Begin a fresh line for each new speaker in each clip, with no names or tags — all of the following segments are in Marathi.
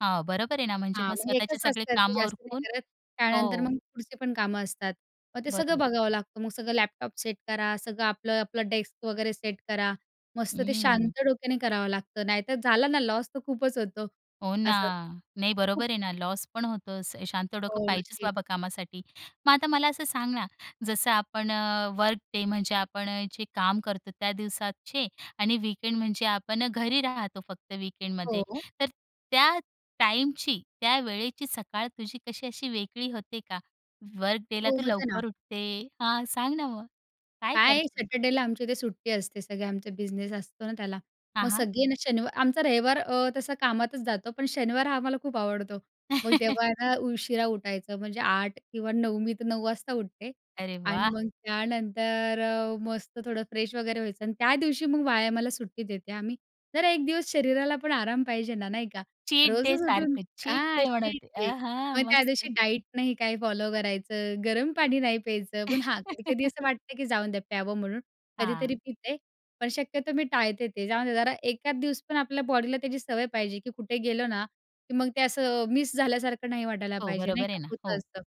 हां. बरोबर आहे ना, म्हणजे
हां,
मग
मग
स्वतःची
1 तास
सगळी
करते,
कामं
जास्त नाही
उरकून
करत. त्यानंतर
हो.
मग पुढची पण कामं असतात. मग ते सगळं
बरोबर.
बघावं लागतं. मग सगळं लॅपटॉप सेट करा, सगळं आपलं आपलं डेस्क वगैरे सेट करा मस्त. ते
हं.
शांत डोक्याने करावं लागतं, नाहीतर झालं ना लॉस तर खूपच होतो
हो ना,
असं.
नाही, बरोबर आहे ना, लॉस पण होतो. असं शांत डोकं
हो,
पाहिजे
नक्कीच.
बाबा कामासाठी. मग आता मला असं सांग ना, जसं आपण अ, वर्क डे म्हणजे आपण अ, जे काम करतो त्या दिवसाचे आणि वीकेंड म्हणजे आपण अ, घरी राहतो. फक्त
हो,
वीकेंडमध्ये.
हो.
तर त्या टाईमची, त्या वेळेची सकाळ तुझी कशी अशी वेगळी होते का? वर्क डेला
हो,
तू
होतं ना.
लवकर उठते. हां, सांग ना, मग काय
काय,
करते?
सॅटर्डेला आमच्या इथे सुट्टी असते. सगळे आमचा बिझनेस असतो ना त्याला.
हां,
मग
हां.
सगळे ना, शनिवार आमचा रविवार अ, तसा कामातच जातो, पण शनिवार हा, आम्हाला खूप आवडतो. मग तेव्हा आहे ना, उशिरा उठायचं. म्हणजे 8:00 किंवा 9:00. मी तर 9:00 वाजता उठते.
अरे
आणि
वाह!
मग त्यानंतर अ, मस्त थोडं फ्रेश वगैरे व्हायचं आणि त्या दिवशी मग व्यायामाला मला सुट्टी देते हं मी. जरा 1 दिवस शरीराला पण आराम पाहिजे ना, नाही का?
चीट
रोजच उठून
डेसारखं, चीट
हां,
डे
तेच
मनवते.
ते.
अहं,
मग त्या दिवशी
मस्त.
डाईट नाही काही फॉलो करायचं, गरम पाणी नाही प्यायचं, पण हां, कधी-कधी असं वाटतं की जाऊन द्या प्यावं म्हणून
हां.
कधीतरी पिते. पण शक्यतो मी टाळते ते. जाऊन द्या जरा एखाद दिवस पण आपल्या बॉडीला त्याची सवय पाहिजे की कुठे गेलो ना, की मग ते असं मिस झाल्यासारखं नाही वाटायला
हो,
पाहिजे, नाही
बरोबर
का,
आहे ना.
होतं
हो.
असतं.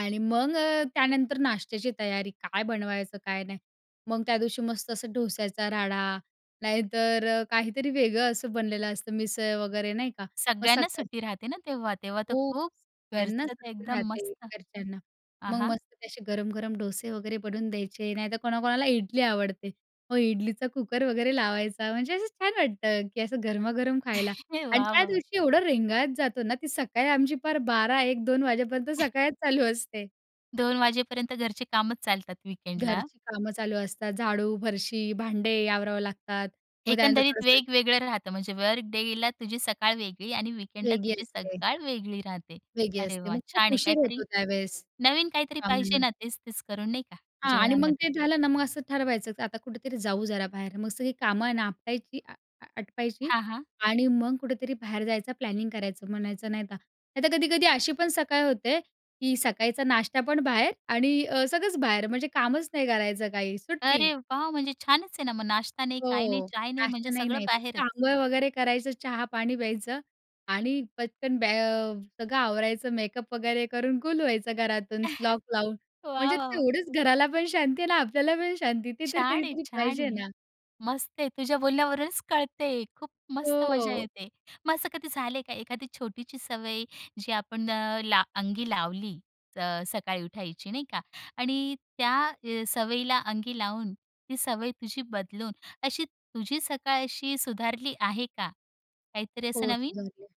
आणि मग अ, त्यानंतर नाश्त्याची तयारी, काय बनवायचं काय नाही. मग त्या दिवशी मस्त असं डोश्याचा राडा नाहीतर अ, काहीतरी वेगळं असं बनलेलं असतं, मिसळ वगैरे नाही का. मग
सगळ्यांना
सकाळी
सुट्टी राहते ना तेव्हा. तेव्हा तर
हो,
खूप
सगळ्यांना
घरचं
सुट्टी
एकदम
राहते
मस्त.
घरच्यांना.
आ,
मग
हां.
मस्त तसे गरम-गरम डोसे वगैरे बनवून द्यायचे. नाहीतर कोणाकोणाला इडली आवडते हो, इडलीचा कुकर वगैरे लावायचा. म्हणजे असं छान वाटतं की असं गरमागरम खायला. आणि
वाह,
त्या
वाह!
दिवशी एवढं रेंगाळत जातो ना, ती सकाळी आमची, पार 12:00-1:00-2:00 वाजेपर्यंत सकाळच चालू असते.
2:00 वाजेपर्यंत घरचे कामच चालतात वीकेंडला.
घरची कामं चालू असतात. झाडू, फरशी, भांडी आवरावे लागतात. मग त्यानंतर
एकंदरीत
थोडंसं
वेगवेगळं राहतं म्हणजे वर्क डेला तुझी सकाळ वेगळी आणि वीकेंडला
वेगळी
तुझी
असते.
सकाळ वेगळी राहते.
वेगळी
अरे
असते.
वाह!
मग खूप
छान आहे.
उशीर
काहीतरी
होतो त्यावेळेस
नवीन काहीतरी पाहिजे
कामांना.
ना, तेच-तेच करून नाही का,
हां. आणि मग
जीवनामध्ये.
ते झालं ना, मग असं ठरवायचं की आता कुठेतरी जाऊ जरा बाहेर. मग सगळी कामं ना, आपटायची अ, आ आटपायची
हां, हां.
आणि मग कुठेतरी बाहेर जायचा. प्लॅनिंग करायचं म्हणायचं, नाहीतर नाही. तर कधी-कधी अशी पण सकाळ होते, की सकाळचा नाश्तापण बाहेर आणि अ, सगळंच बाहेर म्हणजे कामच नाही करायचं. काही सुट्टी.
अरे वाह! म्हणजे छानच आहे ना मग. नाश्ता नाही, काही नाही,
हो,
चहा नाही म्हणजे
नाश्ता नाही,
सगळं
नाही, फक्त
बाहेरच.
आंघोळ वगैरे करायचं, चहा-पाणी प्यायचं आणि पटकन बॅ अ, सगळं आवरायचं, मेकअप वगैरे करून गुल व्हायचं घरातून लॉक लावून.
वाह, वाह,
म्हणजे
वाह!
तेवढंच घराला पण शांती, आहे ना. आपल्याला पण शांती. ते तर
छान आहे,
कधीतरी
छान
पाहिजे
आहे.
ना.
मस्त आहे. तुझ्या बोलण्यावरूनच कळतंय, खूप मस्त मजा
हो.
येते. मग असं कधी झालंय का एखादी छोटीशी सवय जी आपण अ, ला अंगी लावली अ, सकाळी उठायची नाही का आणि त्या अ, सवयीला अंगी लावून ती सवय तुझी बदलून अशी तुझी सकाळ अशी सुधारली आहे का? काहीतरी असं
हो,
नवीन?
सुधारली आहे.